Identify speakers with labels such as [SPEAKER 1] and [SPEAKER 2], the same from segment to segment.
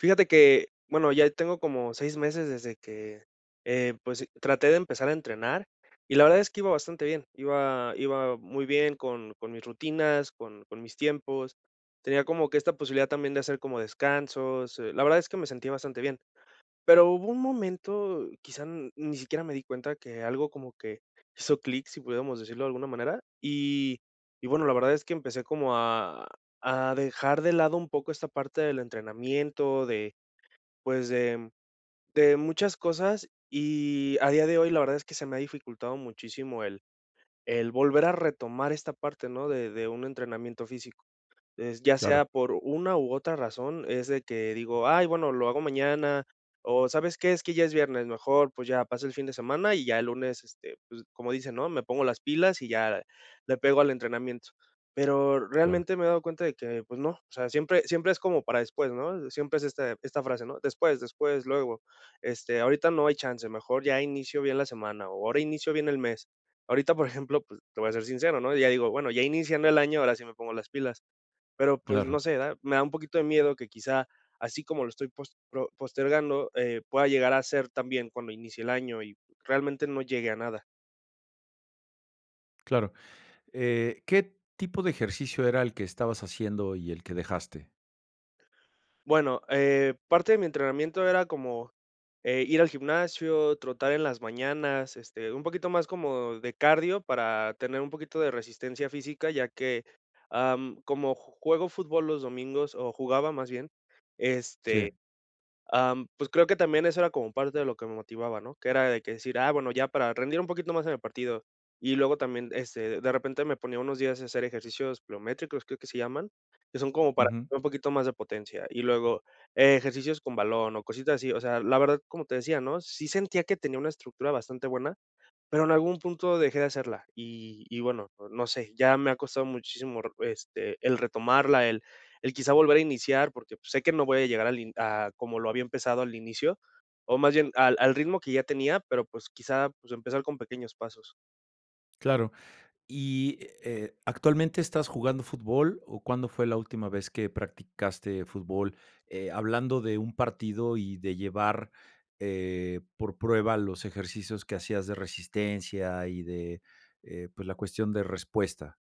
[SPEAKER 1] Fíjate que bueno, ya tengo como 6 meses desde que, eh, pues e traté de empezar a entrenar, y la verdad es que iba bastante bien. Iba iba muy bien con con mis rutinas, con con mis tiempos. Tenía como que esta posibilidad también de hacer como descansos. Eh, la verdad es que me sentí bastante bien. Pero, hubo un momento, quizá, n ni siquiera me di cuenta que algo como que hizo clic, si pudiéramos decirlo de alguna manera, y, y bueno la verdad es que empecé como a a dejar de lado un poco esta parte del entrenamiento. De pues, de de muchas cosas, y a día de hoy la verdad es que se me ha dificultado muchísimo el el volver a retomar esta parte, ¿no?, de de un entrenamiento físico. Es ya sea
[SPEAKER 2] Claro.
[SPEAKER 1] por una, u otra razón, es de que digo: "Ay bueno, lo hago mañana, o ¿sabes qué?, es que ya es viernes, mejor, pues ya pasa el fin de semana, y ya el lunes, este, pues, como dicen no me pongo las pilas, y ya le pego al entrenamiento". Pero
[SPEAKER 2] Claro.
[SPEAKER 1] realmente me he dado cuenta de que, pues no, o sea, siempre siempre es como para después, ¿no? Siempre es, este, esta frase, ¿no? "Después, después, luego, este, ahorita no hay chance, mejor ya inicio bien la semana, o ahora inicio bien el mes". Ahorita, por ejemplo, pues, te voy a ser sincero, ¿no? ya digo: "Bueno, ya iniciando el año, ahora sí me pongo las pilas". Pero, pues, no
[SPEAKER 2] Claro.
[SPEAKER 1] sé da, me da un poquito de miedo que, quizá, así como lo estoy pos pro postergando, eh, pueda llegar a ser también cuando inicie el año y realmente no llegue a nada.
[SPEAKER 2] Claro, eh, ¿qué tipo de ejercicio era el que estabas haciendo y el que dejaste?
[SPEAKER 1] Bueno, eh, parte de mi entrenamiento era como, eh, ir al gimnasio, trotar en las mañanas, este, un poquito más como de cardio para tener un poquito de resistencia física, ya que, am, como juego fútbol los domingos o jugaba más bien,
[SPEAKER 2] Sí.
[SPEAKER 1] este, am, pues, creo que también eso era como parte de lo que me motivaba, ¿no?, que era de que decir, ah, bueno, ya para rendir un poquito más en el partido, y luego también, este, de repente me ponía unos días a hacer ejercicios biométricos, creo que se llaman, que son como para
[SPEAKER 2] Ujú.
[SPEAKER 1] un poquito más de potencia y luego e ejercicios con balón o cositas así, o sea, la verdad, como te decía, ¿no?, sí sentía que tenía una estructura bastante buena, pero en algún punto dejé de hacerla, y y bueno, no sé, ya me ha costado muchísimo, re este, el retomarla, el el quizá volver a iniciar, porque, pues, sé que no voy a llegar al in a como lo había empezado al inicio o más bien al al ritmo que ya tenía, pero, pues, quizá, pues, empezar con pequeños pasos.
[SPEAKER 2] Claro, y, eh, ¿actualmente estás jugando fútbol o cuándo fue la última vez que practicaste fútbol?, eh, hablando de un partido y de llevar, eh, por prueba los ejercicios que hacías de resistencia y de, eh, pues, la cuestión de respuesta.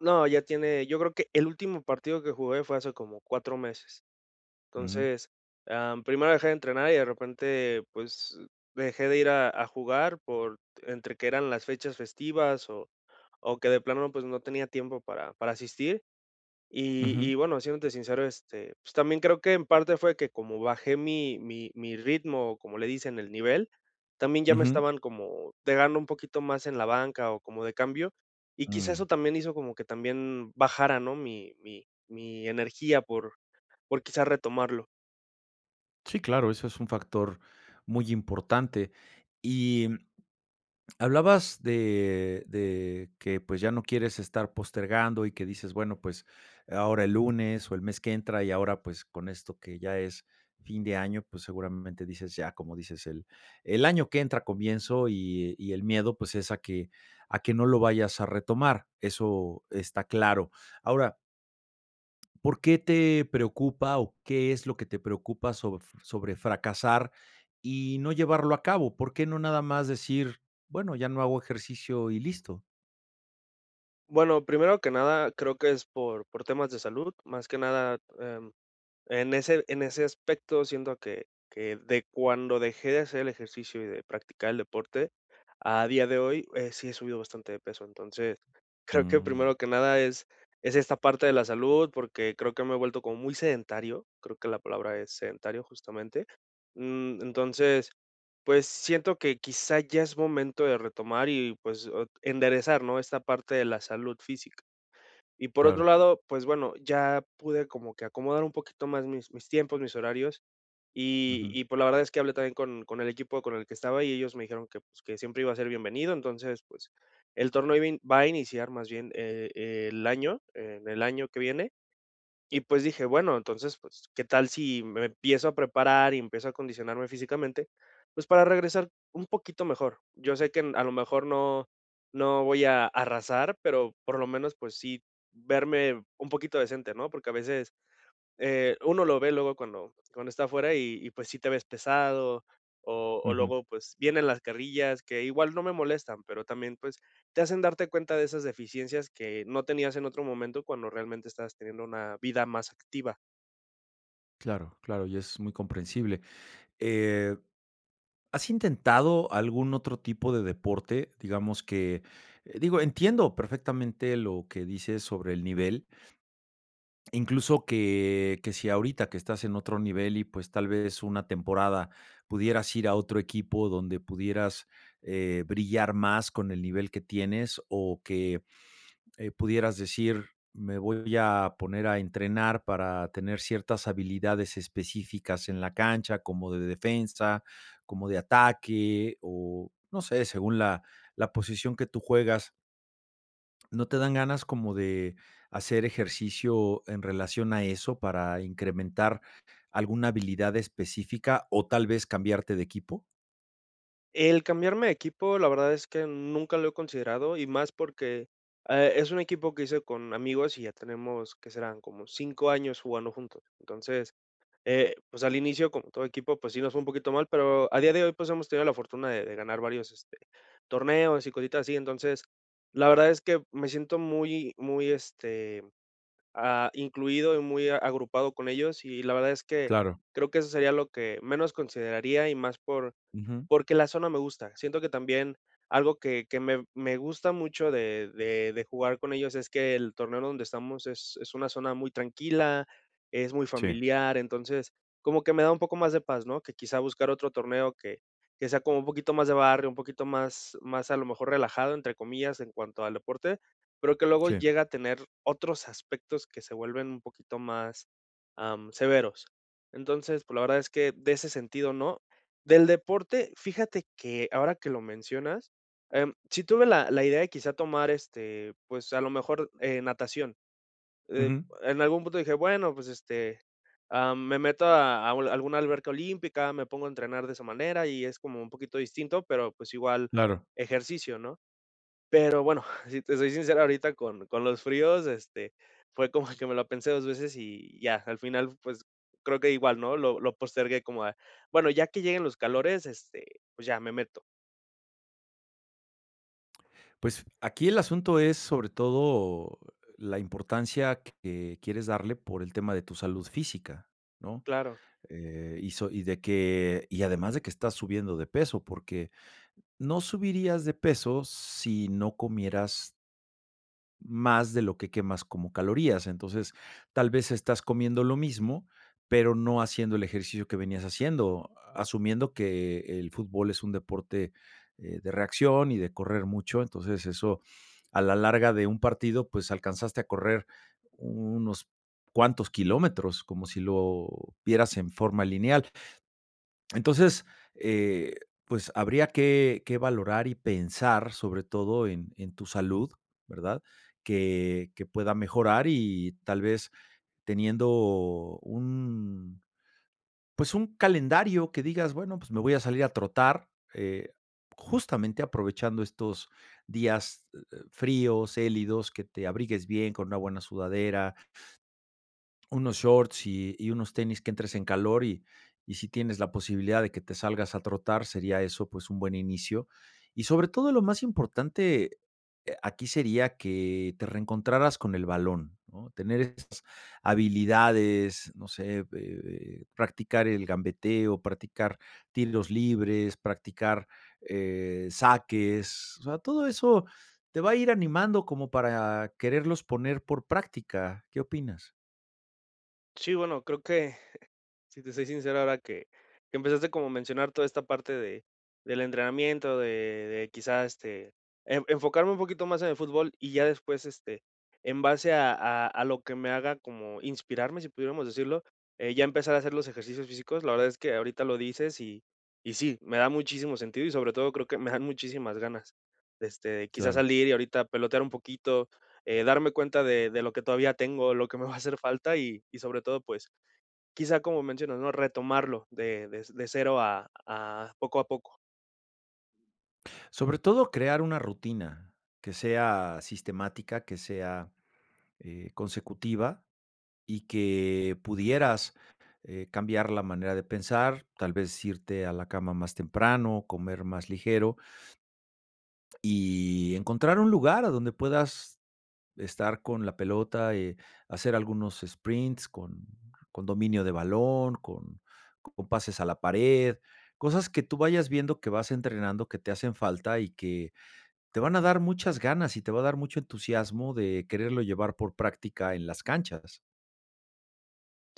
[SPEAKER 1] No, ya tiene yo creo que el último partido que jugué fue hace como 4 meses.
[SPEAKER 2] Mm.
[SPEAKER 1] Entonces, ah, primero dejé de entrenar, y de repente, pues, dejé de ir a a jugar por entre que eran las fechas festivas, o o que de plano, pues, no tenía tiempo para para asistir. Y y
[SPEAKER 2] Ujú.
[SPEAKER 1] bueno, siéndote sincero, este, pues, también creo que en parte fue que como bajé mi mi mi ritmo, como le dicen, el nivel, también ya me
[SPEAKER 2] Ujú.
[SPEAKER 1] estaban como pegando un poquito más en la banca, o como de cambio, y quizás eso
[SPEAKER 2] Mm.
[SPEAKER 1] también hizo como que también bajara, ¿no?, mi mi -mi energía por por, quizá, retomarlo.
[SPEAKER 2] Sí, claro, eso es un factor muy importante. Y hablabas de de que, pues, ya no quieres estar postergando, y que dices, bueno, pues, ahora el lunes o el mes que entra. Y ahora, pues, con esto que ya es fin de año, pues, seguramente dices ya. Como dices, el el año que entra comienzo, y y el miedo, pues, es a que a que no lo vayas a retomar, eso está claro. Ahora ¿Por qué te preocupa o qué es lo que te preocupa sobr sobre fracasar y no llevarlo a cabo? ¿Por qué no nada más decir, bueno, ya no hago ejercicio y listo?
[SPEAKER 1] Bueno, primero que nada creo que es por por temas de salud, más que nada, em, en ese en ese aspecto siento que que de cuando dejé de hacer el ejercicio y de practicar el deporte a día de hoy, eh, sí he subido bastante de peso. Entonces, creo que
[SPEAKER 2] Mm.
[SPEAKER 1] primero que nada es es esta parte de la salud, porque, creo que me he vuelto como muy sedentario. Creo que la palabra es sedentario justamente, mm, entonces, pues siento que quizá ya es momento de retomar y pues, ot enderezar, ¿no?, esta parte de la salud física. Y por otro
[SPEAKER 2] Claro.
[SPEAKER 1] lado, pues bueno, ya pude como que acomodar un poquito más mis mis tiempos, mis horarios y
[SPEAKER 2] Ujú.
[SPEAKER 1] y pues, la verdad es que hablé también con con el equipo con el que estaba y ellos me dijeron que pues: "Que siempre iba a ser bienvenido", entonces, pues el torneo iba a in va a iniciar más bien e el año en el año que viene, y pues, dije, bueno, entonces, pues qué tal si me empiezo a preparar y empiezo a acondicionarme físicamente, pues, para regresar un poquito mejor. Yo sé que n a lo mejor no no voy a arrasar, pero por lo menos, pues sí, verme un poquito decente, ¿no?, porque a veces, eh, uno lo ve luego cuando cuando está afuera y y pues, sí te ves pesado o o
[SPEAKER 2] Ujú.
[SPEAKER 1] luego pues, vienen las carrillas que igual no me molestan, pero también pues, te hacen darte cuenta de esas deficiencias que no tenías en otro momento cuando realmente estabas teniendo una vida más activa.
[SPEAKER 2] Claro, claro, y es muy comprensible. Eh, ¿has intentado algún otro tipo de deporte?, digamos que, eh, digo, entiendo perfectamente lo que dices sobre el nivel. Incluso que que si ahorita que estás en otro nivel y, pues, tal vez una temporada pudieras ir a otro equipo donde pudieras, eh, brillar más con el nivel que tienes o que, eh, pudieras decir, me voy a poner a entrenar para tener ciertas habilidades específicas en la cancha, como de defensa, como de ataque o, no sé, según la la posición que tú juegas. ¿No te dan ganas como de hacer ejercicio en relación a eso para incrementar alguna habilidad específica o tal vez cambiarte de equipo?
[SPEAKER 1] El cambiarme de equipo, la verdad es que nunca lo he considerado, y más porque, eh, es un equipo que hice con amigos y ya tenemos, ¿qué serán? como 5 años jugando juntos, entonces, eh, pues, al inicio como todo equipo pues sí nos fue un poquito mal pero al día de hoy pues hemos tenido la fortuna de de ganar varios, este, torneos y cositas así entonces la verdad es que me siento muy muy, este, ah, incluido y muy agrupado con ellos y la verdad es que,
[SPEAKER 2] Claro.
[SPEAKER 1] creo que eso sería lo que menos consideraría y más por
[SPEAKER 2] Ujú.
[SPEAKER 1] porque la zona me gusta. Siento que también algo que que me me gusta mucho de de de jugar con ellos es que el torneo donde estamos es es una zona muy tranquila, es muy
[SPEAKER 2] Sí.
[SPEAKER 1] familiar, entonces como que me da un poco más de paz, ¿no?, que quizá buscar otro torneo que que sea como un poquito más de barrio, un poquito más más a lo mejor relajado entre comillas en cuanto al deporte, pero que luego
[SPEAKER 2] Sí.
[SPEAKER 1] llega a tener otros aspectos que se vuelven un poquito más, am, severos, entonces, pues la verdad es que, de ese sentido no. Del deporte fíjate que ahora que lo mencionas, em, si tuve la la idea de quizá tomar, este, pues a lo mejor, eh, natación, eh,
[SPEAKER 2] Ujú.
[SPEAKER 1] en algún punto dije: "Bueno pues, este, ah, me meto a a alguna alberca olímpica, me pongo a entrenar de esa manera" y es como un poquito distinto pero pues, igual
[SPEAKER 2] Claro.
[SPEAKER 1] ejercicio, ¿no?, pero bueno, si te soy sincero ahorita con con los fríos, este, fue como que me la pensé 2 veces y ya al final pues creo que igual, ¿no?, lo lo postergué como a: "Bueno ya que lleguen los calores, este, pues ya me meto".
[SPEAKER 2] Pues, aquí el asunto es, sobre todo, la importancia que quieres darle por el tema de tu salud física, ¿no?,
[SPEAKER 1] Claro.
[SPEAKER 2] eh, y so y de que, y además de que estás subiendo de peso, porque no subirías de peso si no comieras más de lo que quemas como calorías, entonces, tal vez estás comiendo lo mismo, pero no haciendo el ejercicio que venías haciendo, asumiendo que el fútbol es un deporte, eh, de reacción y de correr mucho, entonces, eso a la larga de un partido, pues, alcanzaste a correr unos cuantos kilómetros, como si lo vieras en forma lineal, entonces, eh, pues, habría que que valorar y pensar, sobre todo en en tu salud, ¿verdad?, que que pueda mejorar y tal vez teniendo un pues, un calendario que digas, bueno, pues, me voy a salir a trotar, eh, justamente aprovechando estos días, e eh, fríos, gélidos, que te abrigues bien con una buena sudadera unos shorts y y unos tenis, que entres en calor y y si tienes la posibilidad de que te salgas a trotar, sería eso, pues, un buen inicio, y, sobre todo, lo más importante, aquí sería que te reencontraras con el balón, ¿no?, tener esas habilidades, no sé, eh, eh, practicar el gambeteo, practicar tiros libres, practicar, eh, saques, o sea, todo eso te va a ir animando como para quererlos poner por práctica, ¿qué opinas?
[SPEAKER 1] Sí, bueno, creo que, si te soy sincero ahora que que empezaste como a mencionar toda esta parte de del entrenamiento, de de quizá, este, e enfocarme un poquito más en el fútbol y ya después, este, en base a a a lo que me haga como inspirarme, si pudiéramos decirlo, eh, ya empezar a hacer los ejercicios físicos, la verdad es que ahorita lo dices y y sí, me da muchísimo sentido y sobre todo creo que me dan muchísimas ganas, este, quizás
[SPEAKER 2] Claro.
[SPEAKER 1] salir y ahorita pelotear un poquito, eh, darme cuenta de de lo que todavía tengo, lo que me va a hacer falta y y sobre todo, pues, quizá, como mencionas, ¿no?, retomarlo de de de 0 a a poco a poco.
[SPEAKER 2] Sobre todo crear una rutina, que sea sistemática, que sea, eh, consecutiva y que pudieras, eh, cambiar la manera de pensar, tal vez, irte a la cama más temprano, comer más ligero y encontrar un lugar a donde puedas estar con la pelota, eh, hacer algunos sprints con con dominio de balón, con con pases a la pared, cosas que tú vayas viendo que vas entrenando, que te hacen falta, y que, te van a dar muchas ganas y te va a dar mucho entusiasmo de quererlo llevar por práctica en las canchas.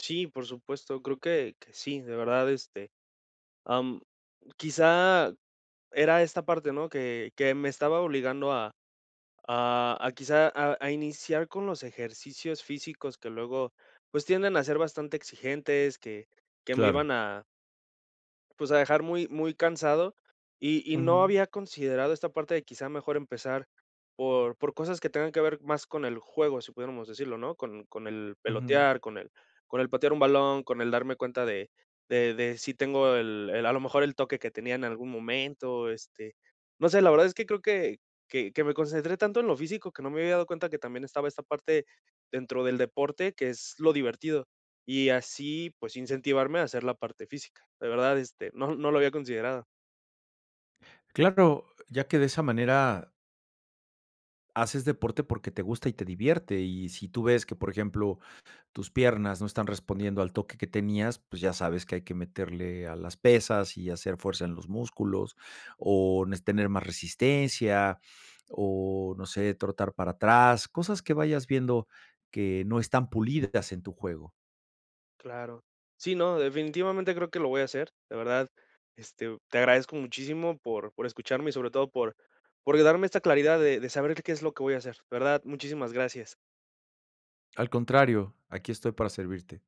[SPEAKER 1] Sí, por supuesto, creo que que sí, de verdad, este, am, quizá era esta parte, ¿no?, que que me estaba obligando a a a quizá a a iniciar con los ejercicios físicos que luego, pues, tienden a ser bastante exigentes, que que me
[SPEAKER 2] Claro.
[SPEAKER 1] iban a pues, a dejar muy muy cansado. Y y no
[SPEAKER 2] Ujú.
[SPEAKER 1] había considerado esta parte de quizá, mejor empezar por por cosas que tengan que ver más con el juego, si pudiéramos decirlo, ¿no?, con con el
[SPEAKER 2] Ujú.
[SPEAKER 1] pelotear, con el con el patear un balón, con el darme cuenta de de de si tengo el el a lo mejor el toque que tenía en algún momento, este, no sé, la verdad es que creo que que que me concentré tanto en lo físico, que no me había dado cuenta que también estaba esta parte dentro del deporte, que es lo divertido. Y así pues, incentivarme a hacer la parte física, de verdad, este, no no lo había considerado.
[SPEAKER 2] Claro, ya que de esa manera haces deporte porque te gusta y te divierte, y si tú ves que, por ejemplo, tus piernas no están respondiendo al toque que tenías, pues, ya sabes que hay que meterle a las pesas y hacer fuerza en los músculos o nes tener más resistencia o no sé, trotar para atrás, cosas que vayas viendo que no están pulidas en tu juego.
[SPEAKER 1] Claro. Sí, no, definitivamente creo que lo voy a hacer, de verdad, este, te agradezco muchísimo por por escucharme y sobre todo por por de darme esta claridad, de de saber que qué es lo que voy a hacer, de verdad, muchísimas gracias.
[SPEAKER 2] Al contrario, aquí estoy para servirte.